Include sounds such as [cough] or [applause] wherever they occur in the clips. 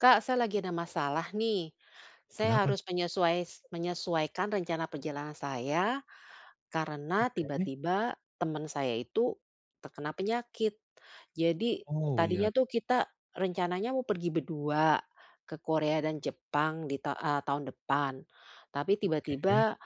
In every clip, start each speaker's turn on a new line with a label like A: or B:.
A: Kak, saya lagi ada masalah nih. Saya
B: Kenapa?
A: harus menyesuai menyesuaikan rencana perjalanan saya karena
B: Oke.
A: tiba-tiba teman saya itu terkena penyakit. Jadi
B: Oh,
A: tadinya
B: iya.
A: tuh kita rencananya mau pergi berdua ke Korea dan Jepang di ta eee, tahun depan. Tapi
B: Oke.
A: tiba-tiba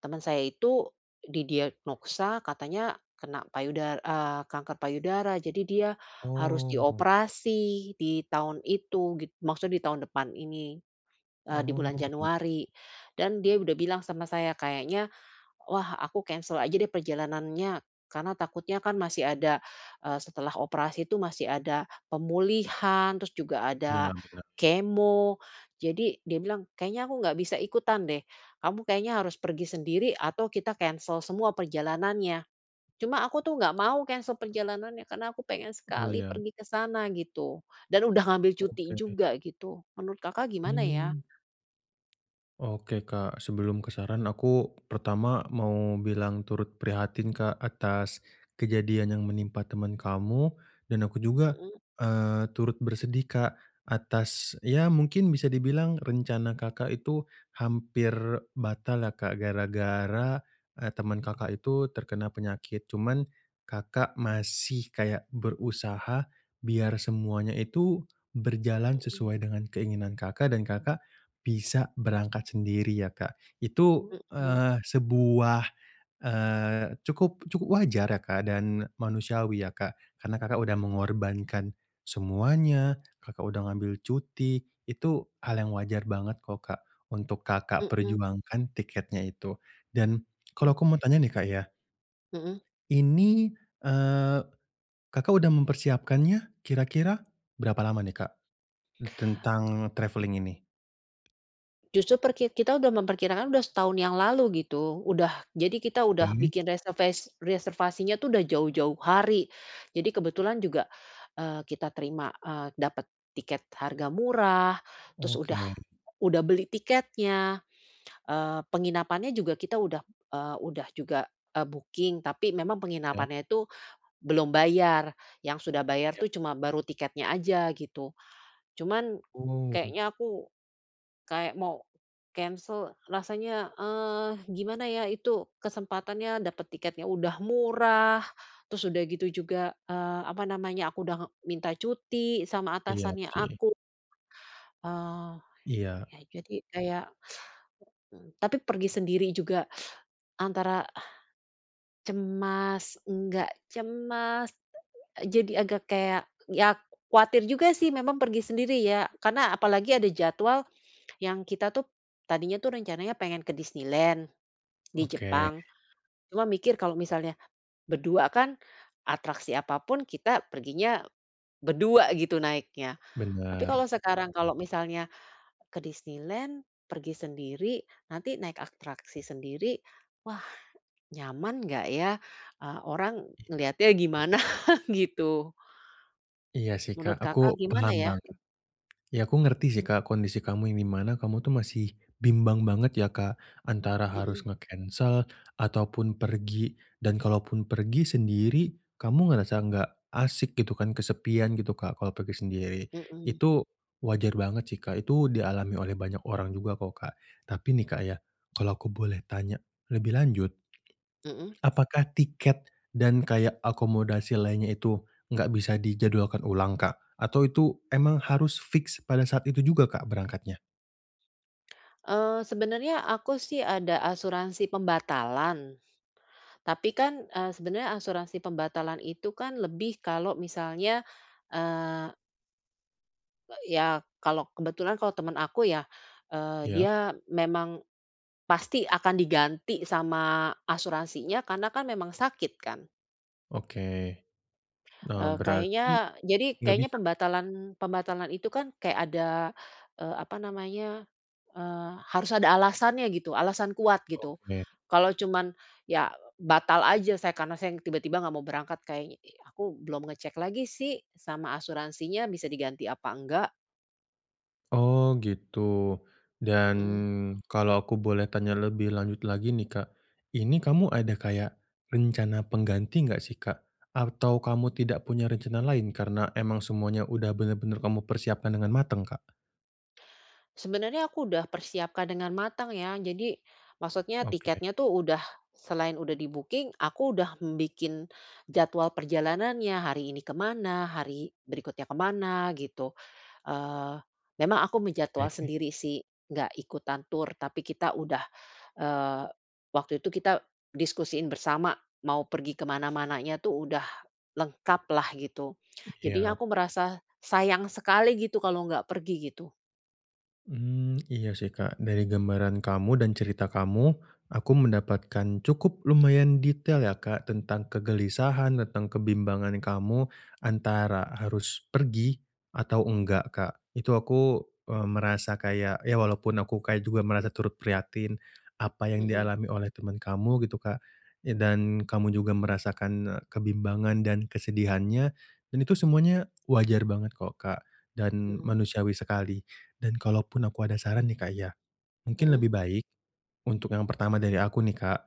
A: teman saya itu didiagnosa katanya kena payuda eee, kanker payudara. Jadi dia harus
B: Oh.
A: dioperasi di tahun itu git maksudnya di tahun depan ini, eee, di
B: Oh
A: bulan
B: git
A: Januari dan dia udah bilang sama saya, "Kayaknya wah aku cancel aja deh perjalanannya karena takutnya kan masih ada, eee, setelah operasi tuh masih ada pemulihan, terus juga ada
B: Iya bener.
A: kemo," jadi dia bilang, "kayaknya aku nggak bisa ikutan deh, kamu kayaknya harus pergi sendiri atau kita cancel semua perjalanannya." cuma aku tuh nggak mau cancel perjalanannya karena aku pengen
B: Oh
A: sekali
B: iya.
A: pergi ke sana gitu, dan udah ngambil cuti
B: Oke.
A: juga gitu. Menurut Kakak gimana ya?
B: Hmm. Oke, Kak. Sebelum ke saran aku pertama mau bilang turut prihatin, Kak, atas kejadian yang menimpa temen kamu dan aku juga,
A: Mhm.
B: eee, turut bersedih, Kak, atas ya mungkin bisa dibilang rencana Kakak itu hampir batal lah, Kak, gara-gara, eee, temen Kakak itu terkena penyakit. Cuman Kakak masih kayak berusaha biar semuanya itu berjalan
A: Mhm.
B: sesuai dengan keinginan Kakak dan Kakak bisa berangkat sendiri ya, Kak. Itu,
A: Mhm.
B: eee, sebuah, eee, cukup cukup wajar ya, Kak, dan manusiawi ya Kak, karena Kakak udah
A: Mhm.
B: mengorbankan semuanya. Kakak udah ngambil cuti, itu hal yang wajar banget kok, Kak, untuk Kakak
A: Mhm.
B: perjuangkan tiketnya itu. Dan
A: Hmm.
B: kalau aku mau tanya nih, Kak, ya.
A: Mhm.
B: Ini, eee, Kakak udah mempersiapkannya kira-kira berapa lama nih, Kak, tentang travelling ini?
A: Justru per ki kita udah memperkirakan udah setahun yang lalu, gitu. Udah jadi kita udah
B: Oke.
A: bikin reserves reservasinya itu sudah jauh-jauh hari. Jadi kebetulan juga, eee, kita terima, eee, dapat tiket harga murah, terus
B: Oke.
A: udah udah beli tiketnya. Eee, penginapannya juga kita udah, eee, udah juga, eee, booking, tapi memang
B: Ya.
A: penginapannya itu belum bayar, yang sudah bayar
B: Ya.
A: tuh cuma baru tiketnya aja, gitu. Cuman
B: Oh.
A: kayaknya aku, kayak mau cancel. Rasanya, eee, gimana ya, itu kesempatannya dapat tiketnya udah murah, terus udah gitu juga, eee, apa namanya, aku udah minta cuti sama
B: Iya,
A: atasannya
B: sih.
A: aku. Eee,
B: Iya.
A: ya jadi kayak heeh, tapi pergi sendiri juga antara cemas, enggak, cemas. Jadi agak kayak ya, kuatir juga sih memang pergi sendiri ya, karena apalagi ada jadwal yang kita tuh tadinya itu rencananya pengen ke Disneyland di
B: Oke.
A: Jepang. Cuma mikir, kalau misalnya berdua kan atraksi apa pun kita perginya berdua gitu naiknya. Tapi kalau
B: Bener.
A: sekarang kalau misalnya, ke Disneyland, pergi sendiri, nanti naik atraksi sendiri, wah, nyaman nggak ya? Eee, orang
B: Iya.
A: ngelihatnya gimana, gitu.
B: Iya sih, Kak,
A: Menurut Kakak
B: aku
A: gimana,
B: paham
A: ya?
B: banget. Ya, aku ngerti sih, Kak, kondisi kamu yang di mana kamu tuh masih bimbang banget ya, Kak, antara
A: Mhm.
B: harus nge-cancel ataupun pergi, dan kalaupun pergi sendiri kamu ngerasa enggak asik gitu kan, kesepian gitu, Kak kalau pergi sendiri,
A: Mhm.
B: itu wajar banget sih, Kak, itu dialami oleh banyak orang juga kok, Kak. Tapi nih, Kak, ya, kalau aku boleh tanya lebih lanjut,
A: Mhm.
B: apakah tiket dan kayak akomodasi lainnya itu enggak bisa dijadwalkan ulang, Kak? Atau itu emang harus fix pada saat itu juga, Kak, berangkatnya?
A: Eee, sebenernya aku sih ada asuransi pembatalan. Tapi kan, eee, sebenernya asuransi pembatalan itu kan lebih kalau misalnya, eee Eee, ya. Kalo kebetulan kalau temen aku ya, eee,
B: Iya.
A: dia memang pasti akan diganti sama asuransinya karena kan memang sakit kan.
B: Oke. Nah
A: Eee,
B: berarti,
A: kayaknya jadi
B: nggak
A: kayaknya
B: bisa?
A: pembatalan pembatalan itu kan kayak ada, eee, apa namanya, eee, harus ada alasannya gitu, alasan kuat gitu.
B: Oke.
A: Kalo cuman ya batal aja saya karena saya ng tiba-tiba nggak mau berangkat kayaknya aku belum ngecek lagi sih sama asuransinya bisa diganti apa enggak.
B: Oh gitu. Dan
A: Mhm.
B: kalau aku boleh tanya lebih lanjut lagi nih Kak, ini kamu ada kayak rencana pengganti nggak sih Kak? Atau kamu tidak punya rencana lain karena emang semuanya udah bener-bener kamu persiapkan dengan mateng Kak?
A: Sebenernya aku udah persiapkan dengan matang ya. Jadi maksudnya
B: Oke.
A: tiketnya tu udah selain udah di-booking aku udah m bikin jadwal perjalanannya, hari ini kemana, hari berikutnya ke mana gitu. Eee, memang aku menjadwal
B: Ke.
A: sendiri sih, nggak ikutan tur, tapi kita udah, eee, waktu itu kita diskusiin bersama, mau pergi ke mana-mananya tu udah lengkap lah gitu. Jadinya
B: Iya.
A: aku merasa sayang sekali gitu kalau nggak pergi gitu.
B: Mmm. Iya sih, Kak. Dari gambaran kamu dan cerita kamu aku mendapatkan cukup lumayan detail ya, Kak, tentang kegelisahan, tentang kebimbangan kamu antara harus pergi atau nggak, Kak. Itu aku, mmm, merasa kayak ya walaupun aku kayak juga merasa turut prihatin apa yang
A: Mhm.
B: dialami oleh teman kamu gitu, Kak. Eee, dan kamu juga merasakan, e kebimbangan dan kesedihannya. Dan itu semuanya wajar banget kok, Kak, dan
A: Mhm.
B: manusiawi sekali. Dan kalaupun aku ada saran nih, Kak, ya. Mungkin
A: Mhm?
B: lebih baik, untuk yang pertama dari aku nih, Kak,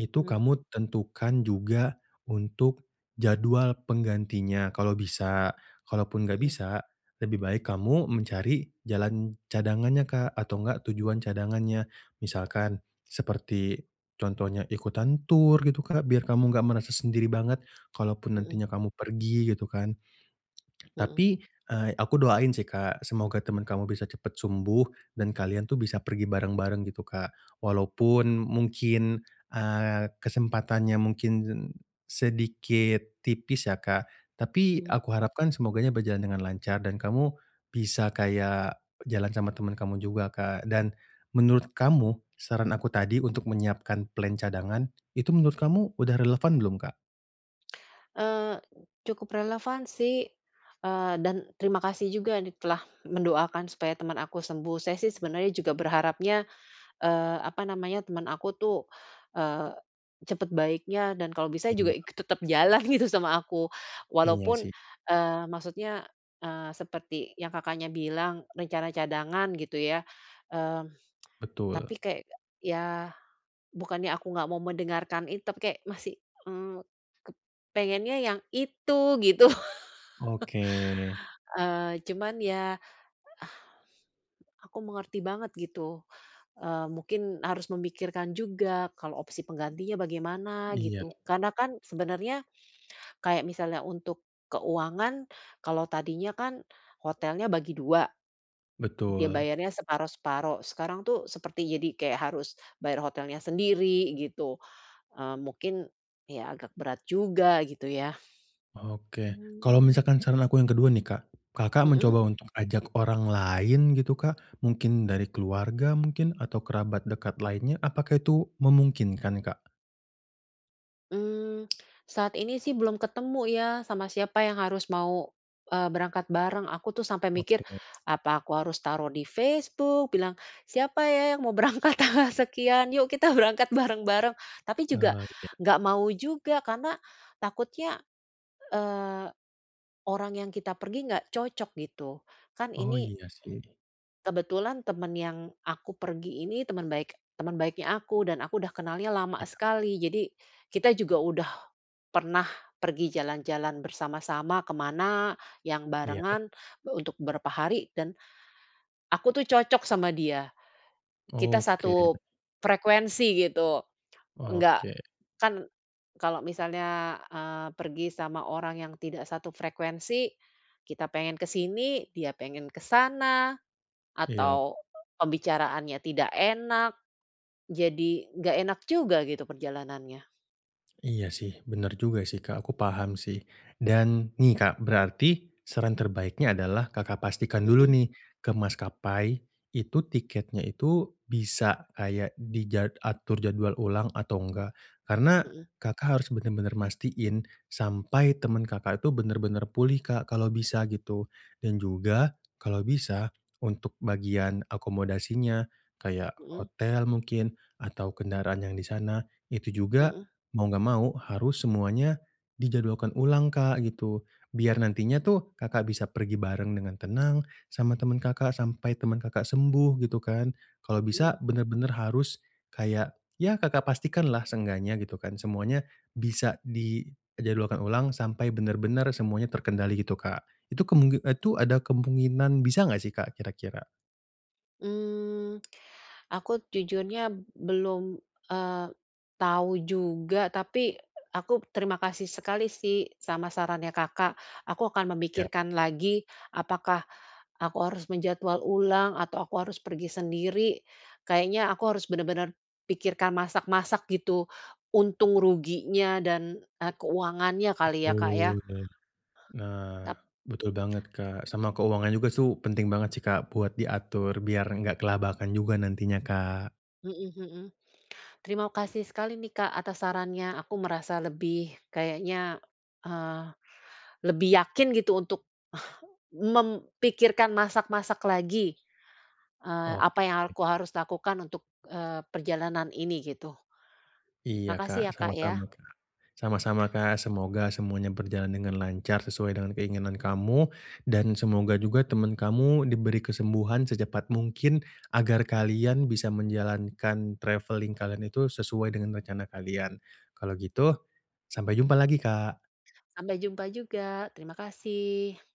B: itu
A: Mhm.
B: kamu tentukan juga untuk jadwal penggantinya kalau bisa. Kalaupun nggak
A: Mhm.
B: bisa lebih baik kamu mencari jalan cadangannya, Kak, atau nggak tujuan cadangannya. Misalkan seperti contohnya ikutan tur gitu, Kak, biar kamu nggak merasa sendiri banget kalaupun
A: Mhm.
B: nantinya kamu pergi gitu kan.
A: Mhm.
B: Tapi, eee, aku doain sih, Kak. Semoga teman kamu bisa cepat sembuh dan kalian tuh bisa pergi bareng-bareng gitu, Kak. Walaupun mungkin, eee, kesempatannya mungkin sedikit tipis ya, Kak. Tapi
A: Iya.
B: aku harapkan semoganya berjalan dengan lancar dan kamu bisa kayak jalan sama teman kamu juga, Kak. Dan menurut kamu saran aku tadi untuk menyiapkan plan cadangan itu menurut kamu udah relevan belum, Kak?
A: Eee, cukup relevan sih, eee, dan terima kasih juga di telah mendoakan supaya temen aku sembuh. Saya sih sebenernya juga berharapnya, eee, apa namanya temen aku tuh, eee, cepet baiknya dan kalau bisa juga
B: Iya.
A: ik tetep jalan gitu sama aku.
B: Iya
A: Walaupun
B: sih
A: eee, maksudnya, eee, seperti yang Kakaknya bilang rencana cadangan gitu ya. Mmm, [tsk] tapi
B: Betul.
A: kayak ya bukannya aku nggak mau mendengarkan itu, tapi kayak masih, mmm, ke pengennya yang itu gitu.
B: Oke
A: [chuckles] Eee, cuman ya, ah, aku mengerti banget gitu. Eee, mungkin harus memikirkan juga kalau opsi penggantinya bagaimana
B: Iya.
A: gitu. Karena kan sebenernya, kayak misalnya untuk keuangan. Kalau tadinya kan hotelnya bagi dua. Dia
B: Betul.
A: bayarnya separuh-separuh. Sekarang tuh seperti jadi kayak harus bayar hotelnya sendiri gitu. Eee, mungkin ya agak berat juga gitu ya.
B: Oke. Kalau
A: Mmm.
B: misalkan saran aku yang kedua nih, Kak, Kakak
A: Hmm.
B: mencoba untuk ajak orang lain gitu, Kak. Mungkin dari keluarga mungkin, atau kerabat dekat lainnya. Apakah itu memungkinkan, Kak?
A: Hmm, saat ini sih belum ketemu ya sama siapa yang harus mau, eee, berangkat bareng. Aku tuh sampai mikir
B: Oke.
A: apa aku harus taruh di Facebook bilang ,"Siapa ya yang mau berangkat tanggal sekian, yuk kita berangkat bareng-bareng." Tapi juga
B: Oh iya.
A: nggak mau juga karena takutnya, eee, orang yang kita pergi nggak cocok gitu kan
B: Oh,
A: ini
B: iya sih.
A: kebetulan temen yang aku pergi ini teman baik teman baiknya aku dan aku udah kenalnya lama
B: Iya.
A: sekali, jadi kita juga udah pernah pergi jalan-jalan bersama-sama ke mana yang
B: Iya.
A: barengan untuk beberapa hari dan aku tuh cocok sama dia, kita
B: Oke.
A: satu frekuensi gitu. Enggak,
B: Oke.
A: kan kalau misalnya, eee, pergi sama orang yang tidak satu frekuensi, kita pengen ke sini, dia pengen ke sana
B: Iya.
A: atau pembicaraannya tidak enak, jadi nggak enak juga gitu perjalanannya.
B: Iya sih, bener juga sih, Kak. Aku paham sih. Dan nih, Kak, berarti saran terbaiknya adalah Kakak pastikan dulu
A: Mhm.
B: nih ke maskapai, itu tiketnya itu bisa kayak di jad atur jadwal ulang atau enggak, karena
A: Mhm.
B: Kakak harus bener-bener mastiin sampai temen Kakak itu bener-bener pulih, Kak, kalau bisa, gitu. Dan juga kalau bisa untuk bagian akomodasinya, kayak
A: Mhm.
B: hotel mungkin atau kendaraan yang di sana, itu juga
A: Mhm.
B: mau enggak mau harus semuanya dijadwalkan ulang, Kak, gitu. Biar nantinya tuh Kakak bisa pergi bareng dengan tenang sama temen Kakak, sampai temen Kakak sembuh gitu, kan. Kalau bisa
A: Mhm.
B: bener-bener harus kayak ya Kakak pastikanlah seenggaknya gitu kan. Semuanya bisa dijadwalkan ulang sampai bener-bener semuanya terkendali gitu, Kak. Itu kemungi itu ada kemunginan bisa enggak sih, Kak, kira-kira?
A: Mmm, aku jujurnya belum, eee, tahu juga. Tapi, a aku terima kasih sekali sih sama sarannya Kakak. Aku akan
B: Iya.
A: memikirkan lagi apakah aku harus menjadwal ulang atau aku harus pergi sendiri. Kayaknya aku harus bener-bener pikirkan masak-masak gitu, untung ruginya dan, eee, keuangannya kali ya, Kak, ya.
B: Betul, nah. Nah,
A: Tap
B: betul banget, Kak. Sama keuangan juga su penting banget sih, Kak, buat diatur, biar enggak kelabakan juga nantinya, Kak.
A: Mhm mhm. Terima kasih sekali nih, Kak, atas sarannya, aku merasa lebih kayaknya, eee, lebih yakin gitu untuk mem pikirkan masak-masak lagi, eee, apa yang alku
B: Oke.
A: harus lakukan untuk, eee, perjalanan ini, gitu.
B: Iya,
A: Makasih
B: Kak,
A: ya, Kak, ya.
B: sama-sama, Kak. Sama-sama, Kak, semoga semuanya berjalan dengan lancar sesuai dengan keinginan kamu. Dan semoga juga temen kamu diberi kesembuhan secepat mungkin, agar kalian bisa menjalankan travelling kalian itu sesuai dengan rencana kalian. Kalau gitu sampai jumpa lagi, Kak.
A: Sampai jumpa juga. Terima kasih.